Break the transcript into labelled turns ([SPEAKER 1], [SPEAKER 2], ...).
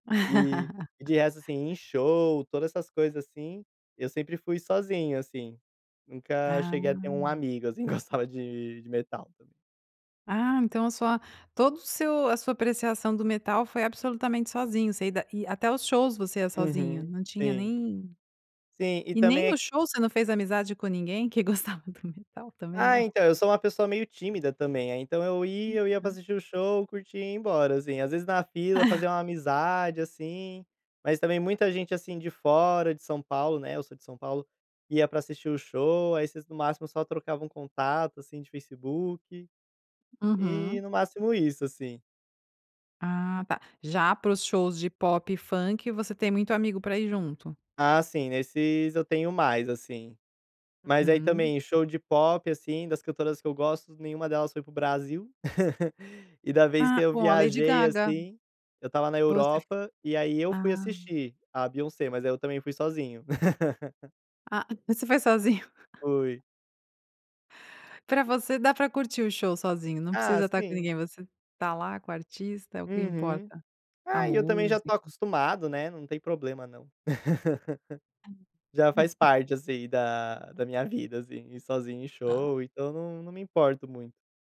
[SPEAKER 1] E e de resto, assim, em show, todas essas coisas, assim, eu sempre fui sozinho, assim, nunca cheguei a ter um
[SPEAKER 2] Ah.
[SPEAKER 1] amigo, assim, que gostava de de metal.
[SPEAKER 2] Ah, então a sua todo o seu a sua apreciação do metal foi absolutamente sozinho, você ida e, até os shows você ia sozinho,
[SPEAKER 1] Uhum.
[SPEAKER 2] não tinha
[SPEAKER 1] Sim.
[SPEAKER 2] nem
[SPEAKER 1] Sim, e
[SPEAKER 2] e nem
[SPEAKER 1] também
[SPEAKER 2] no
[SPEAKER 1] aq
[SPEAKER 2] show você não fez amizade com ninguém que gostava do metal, também
[SPEAKER 1] Ah,
[SPEAKER 2] não.
[SPEAKER 1] então, eu sou uma pessoa meio tímida também, aí então eu ia eu ia pra
[SPEAKER 2] [unintelligible]
[SPEAKER 1] assistir o show, curtir e ir embora, assim. Às vezes na fila fazia uma amizade, assim, mas também muita gente, assim, de fora, de São Paulo, né, eu sou de São Paulo, ia pra assistir o show, aí vocês no máximo só trocavam contato, assim, de Facebook, e
[SPEAKER 2] Uhum.
[SPEAKER 1] no máximo isso, assim.
[SPEAKER 2] Ah tá. Já para os shows de pop e funk, você tem muito amigo pra ir junto?
[SPEAKER 1] Ah sim, nesses eu tenho mais, assim. Mas aí
[SPEAKER 2] Uhum.
[SPEAKER 1] também show de pop, assim, das cantoras que eu gosto, nenhuma delas foi para o Brasil, e da vez que
[SPEAKER 2] Ah,
[SPEAKER 1] eu
[SPEAKER 2] bom a Lady
[SPEAKER 1] viajei,
[SPEAKER 2] Gaga.
[SPEAKER 1] assim, eu estava na
[SPEAKER 2] Você f
[SPEAKER 1] Europa, e aí eu fui
[SPEAKER 2] ah.
[SPEAKER 1] assistir a Beyoncé, mas aí eu também fui sozinho.
[SPEAKER 2] Ah, você foi sozinho.
[SPEAKER 1] Fui.
[SPEAKER 2] Pra você dá pra curtir o show sozinho, não
[SPEAKER 1] Ah,
[SPEAKER 2] precisa estar com
[SPEAKER 1] sim.
[SPEAKER 2] ninguém, você está lá, com o artista, é o que
[SPEAKER 1] Uhum.
[SPEAKER 2] importa. A
[SPEAKER 1] Ah, e eu também já estou
[SPEAKER 2] música.
[SPEAKER 1] acostumado, né, não tem problema não. Já faz parte, assim, da da minha vida, assim, ir sozinho em show, então não não me importo muito.